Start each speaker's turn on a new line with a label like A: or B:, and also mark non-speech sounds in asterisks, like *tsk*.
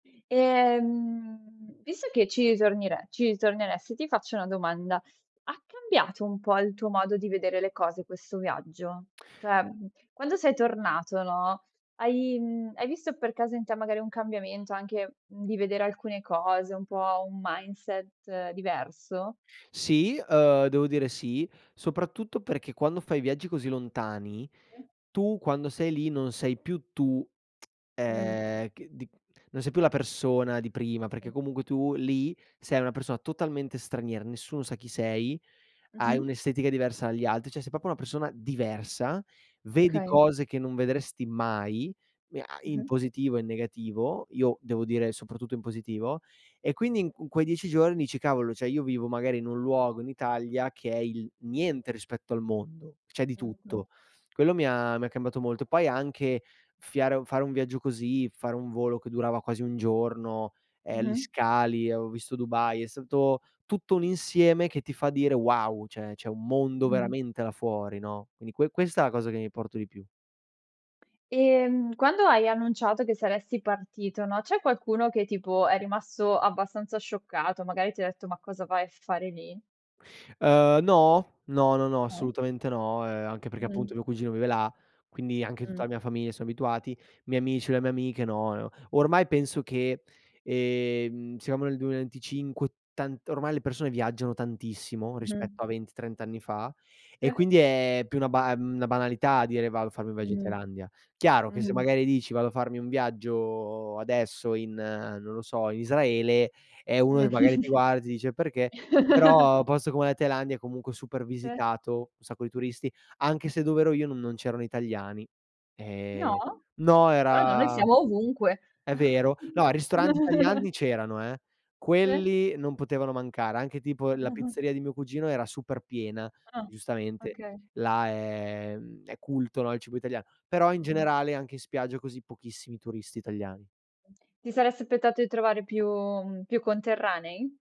A: Ehm, visto che ci ritornire ci ritorneresti, ti faccio una domanda: ha cambiato un po', il tuo modo di vedere le cose questo viaggio? Cioè, mhmm, quando sei tornato, no, hai, mhmm, hai visto per caso in te, magari, un cambiamento anche, mhmm, di vedere alcune cose, un po' un mindset diverso?
B: Sì, ehm, devo dire sì. Soprattutto perché, quando fai viaggi così lontani,
A: E
B: tu quando sei lì, non sei più tu, *tsk*
A: Mh.
B: ehm, che di non sei più la persona di prima. Perché comunque, tu lì, sei una persona totalmente straniera. Nessuno sa chi sei, hai
A: Mh-mh.
B: un'estetica diversa agli altri. Cioè, sei proprio una persona diversa. Vedi
A: Okay.
B: cose che non vedresti mai, mi ha in
A: Mh-mh.
B: positivo e in negativo. Io devo dire, soprattutto in positivo. E quindi i in quei 10 giorni dici: "Cavolo, cioè, io vivo magari in un luogo in Italia, che è il niente rispetto al mondo, c'è di tutto".
A: Erto.
B: Quello mi ha mi ha cambiato molto. Poi, anche fiare fare un viaggio così, fare un volo che durava quasi un giorno, ehm, gli
A: Mh-mh.
B: scali. Avevo visto Dubai, è stato tutto un insieme che ti fa dire: "Wow!" Cioè, c'è un mondo
A: Mh.
B: veramente, là fuori, no? Quindi, que questa è la cosa che mi porto di più.
A: E, mhmm, quando hai annunciato che saresti partito, no, c'è qualcuno che tipo, è rimasto abbastanza scioccato? Magari, ti detto: "Ma cosa vai a fare lì?"
B: Uhm, no. No, no, no,
A: Mh.
B: assolutamente no. Uhm, anche perché, appunto,
A: Mh-mh.
B: mio cugino vive là. Quindi, anche
A: Mh.
B: tutta la mia famiglia, son abituati, i miei amici, le mie amiche no, no. Ormai, penso che, ehm, siamo nel 2025, tant ormai le persone viaggiano tantissimo,
A: Mh-mh.
B: rispetto a 20, 30 anni fa. E
A: Sì.
B: quindi è più una ba ehm, una banalità dire, vado a farmi un viaggio in
A: Mh-mh.
B: Thailandia. Chiaro, che se magari dici, vado a farmi un viaggio adesso in non lo so, in Israele, eh, uno
A: Mh.
B: che magari ti guarda, ti dice: "Perché?" Però,
A: *chuckles*
B: posto come la Thailandia, comunque super
A: Te
B: visitato, un sacco di turisti. Anche se dov'ero io, non non c'erano italiani. Ehm,
A: No?
B: no
A: Strano. Noi
B: era
A: siamo ovunque.
B: è vero. No, ristoranti italiani
A: *chuckles*
B: c'erano eh.
A: Te
B: Quelli, non potevano mancare. Anche tipo, la
A: *chuckles*
B: pizzeria di mio cugino, era super piena,
A: Ah.
B: giustamente.
A: Okay.
B: Là, è, mhmm, è culto, no, il cibo italian però, in generale anche in spiaggia, così, pochissimi turisti italiani.
A: Ti saresti appettato i trovare più, mhmm, più conterranei?